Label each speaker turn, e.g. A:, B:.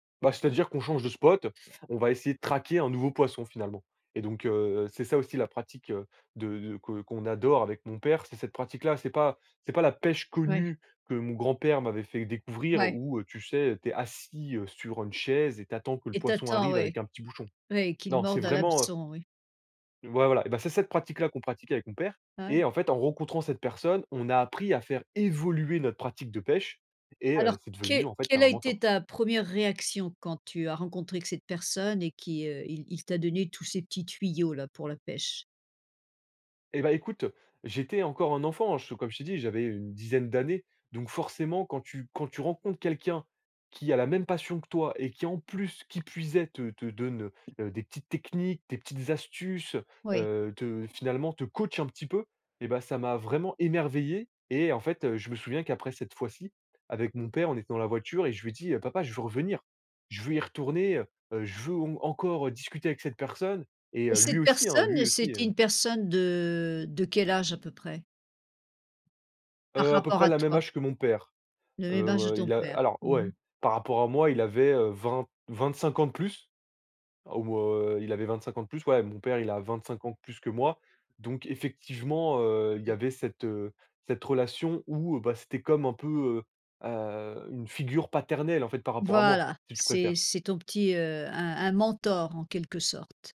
A: Bah c'est-à-dire qu'on change de spot, on va essayer de traquer un nouveau poisson finalement et donc, heu, c'est ça aussi la pratique, heu, de de que qu'on adore avec mon père, c'est cette pratique-là, c'est pas c'est pas la pêche
B: Oui.
A: connue que mon grand-père m'avait fait découvrir
B: Oui.
A: où, heu, tu sais, t'es assis, heu, sur une chaise et t'attends que le
B: Et
A: poisson
B: t'attends
A: arrive avec
B: ouais
A: un petit bouchon.
B: ouais qu'il
A: Non, c'est
B: morde à
A: vraiment, heu
B: l'hameçon oui.
A: Ouais voilà, et beh c'est cette pratique là qu'on pratique avec mon père.
B: Ouais.
A: Et en fait, en rencontrant cette personne, on a appris à faire évoluer notre pratique de pêche et heu,
B: Alors
A: c'est devenu
B: que
A: en fait
B: quelle
A: un
B: a
A: mentor.
B: été ta première réaction quand tu as rencontré cette personne et qui, heu, il il t'a donné tous ces petits tuyaux là pour la pêche?
A: Eh bah écoute, j'étais encore un enfant, hein, je comme je t'ai dit, j'avais, heu, une dizaine d'années, donc forcément quand tu quand tu rencontres quelqu'un qui a la même passion que toi et qui en plus, qui puisait te te donne, heu, des petites techniques, des petites astuces,
B: Oui.
A: heu, te finalement te coach un petit peu, et bah ça m'a vraiment émerveillé. Et en fait, heu, je me souviens qu'après cette fois-ci, avec mon père on était dans la voiture et je lui dis: «Papa je veux revenir, je veux y retourner, heu heu, je veux au m encore discuter avec cette personne et,
B: Et
A: heu, lui
B: cette
A: aussi hein
B: personne
A: lui aussi
B: c'était
A: heu»
B: une personne de de quel âge à peu près? Par
A: Heu à peu
B: rapport
A: près
B: à
A: la même
B: toi.
A: âge que mon père,
B: Le
A: heu
B: même âge de
A: heu,
B: ton
A: il a
B: père,
A: alors
B: mmh mh.
A: ouais, par rapport à moi, il avait, heu, vingt vingt-cinq ans de plus. Ou, heu, il avait 25 ans de plus, ouais mon père il a 25 ans de plus que moi. Donc effectivement, heu, il y avait cette, heu, cette relation où bah c'était comme un peu, heu heu, une figure paternelle en fait par rapport à moi,
B: Voilà,
A: si tu préfères.
B: c'est c'est ton petit heu, un un mentor en quelque sorte?